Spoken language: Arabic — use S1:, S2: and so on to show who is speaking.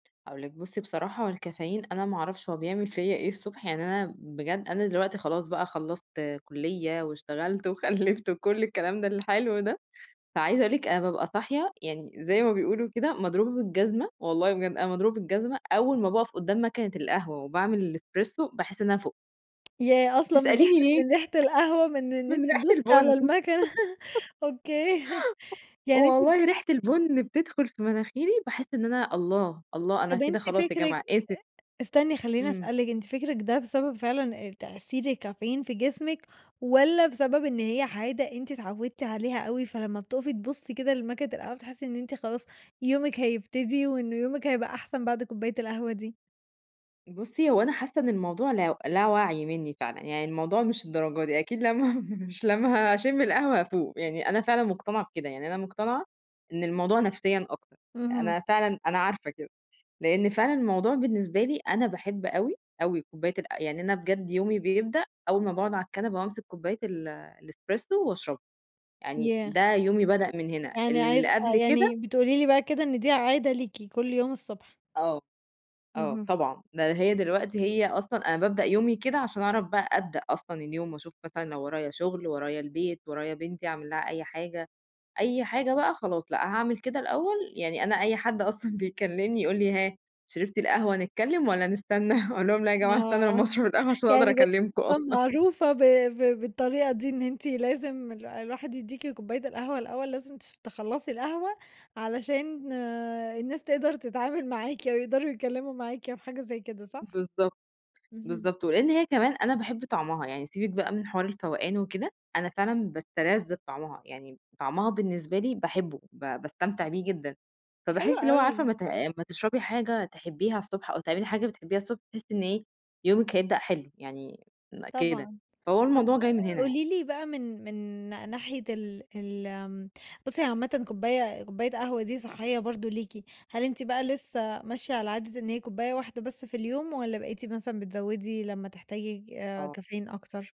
S1: هاقول لِك بُصّي بصراحة هو الكافيين أنا ما أعرفش هو بيعمل فيّا إيه الصبح يعني أنا بجد أنا دلوقتي خلاص بقى خلّصت كليّة، واشتغلت، وخلّفت، وكل الكلام ده الحلو ده، فعايزة أقول لِك أنا بابقى صاحية يعني زي ما بيقولوا كده مضروبة بالجزمة، والله بجد أنا مضروبة بالجزمة أول ما باقَف قدّام ماكينة القهوة وباعمل الespresso باحس إن أنا فُقت،
S2: ياه! أصلًا من ريحة
S1: تسأليني
S2: أ
S1: ليه؟
S2: من ريحة القهوة من إن أنتِ
S1: من ريحة
S2: تبُصّي على
S1: البُنّ،
S2: الماكينة، أوكي، يعني أنتِ ب
S1: والله ريحة البن بتدخل في مناخيري باحس إن أنا، الله، الله أنا
S2: طَب
S1: كده
S2: أنتِ
S1: خلاص يا
S2: فكرِك
S1: جماعة
S2: أ
S1: آسف.
S2: أ استني خلّيني
S1: إمم.
S2: اسألِك أنتِ فكرِك ده بسبب فعلًا آآ، تأثير الكافيين في جسمِك والَّا بسبب إن هي عادة، أنتِ اتعودتِ عليها أوي فلمّا بتُقفي تبُصّي كده لماكينة القهوة بتحسّي إن أنتِ خلاص يومِك هيبتدي، وإن يومِك هيبقى أحسن بعد كوباية القهوة دي؟
S1: بُصّي، هو أنا حاسّة إن الموضوع لا لا وعي منّي فعلًا، يعني الموضوع مش للدرجة دي أكيد لمّا مش لمّا هاشِمّ القهوة هافوق، يعني أنا فعلًا مقتنعة بكده، يعني أنا مقتنعة إن الموضوع نفسيًا أكتر، أ
S2: اهم.
S1: أنا فعلًا أنا عارفة كده، لإن فعلًا الموضوع بالنسبة لي أنا باحب أوي، أوي كوباية الق يعني أنا بجد يومي بيبدأ أول ما باقعُد على الكنبة وأمسك كوباية ال الespresso واشربها، يعني
S2: ياه!
S1: ده يومي بدأ من هنا،
S2: يعني
S1: اللي
S2: عايزة آه،
S1: قبل كده
S2: يعني بتقولي لي بقى كده إن دي عادة ليكِ كل يوم الصبح؟
S1: آه، آه،
S2: اهم.
S1: طبعًا ده هي دلوقتي هي أصلًا أنا بابدأ يومي كده عشان اعرف بقى أبدأ أصلًا اليوم، واشوف مثلًا لو ورايا شغل، ورايا البيت، ورايا بنتي، أعمل لها أي حاجة، أي حاجة بقى خلاص، لأ، هاعمل كده الأول يعني أنا أي حد أصلًا بيكلّمني يقول لي ها، شربتِ القهوة نتكلّم والَّا نستنى؟ أقول لهم لأ يا جماعة استنّوا
S2: آه،
S1: لمّا أشرب القهوة عشان أقدر
S2: يعني بقيتِ
S1: اكلّمكم، آه.
S2: أصلًا معروفة ب ب بالطريقة دي، إن أنتِ لازم الو الواحد يديكِ كوباية القهوة الأول لازم تش تخلّصي القهوة، علشان الناس تقدر تتعامل معاكِ، أو يقدروا يتكلّموا معاكِ أو حاجة زي كده، صح؟
S1: بالضبط،
S2: اهم.
S1: بالضبط، ولإن هي كمان أنا باحب طعمها، يعني سيبِك بقى من حوار الفوقان وكده، أنا فعلًا باستلذ بطعمها، يعني م طعمها بالنسبة لي باحبه با باستمتع بيه جدًا،
S2: حلو
S1: فباحس اللي هو عارفة
S2: أوي.
S1: أمّا ت أمّا تشربي حاجة تحبيها الصبح، أو تعملي حاجة بتحبيها الصبح، تحسّي إن إيه، يومِك هيبدأ حلو، يعني م كده،
S2: طبعًا،
S1: فهو
S2: طَب
S1: الموضوع جاي من هنا يعني.
S2: قولي لي بقى من، من نا ناحية ال ال آمم، بُصّي هي عامةً كوباية كوباية قهوة دي صحّية برضه ليكِ، هل أنتِ بقى لسه ماشية على عادة إن هي كوباية واحدة بس في اليوم، والَّا بقيتِ مثلًا بتزوّدي لمّا تحتاجي ج آآ،
S1: آه.
S2: كافيين أكتر؟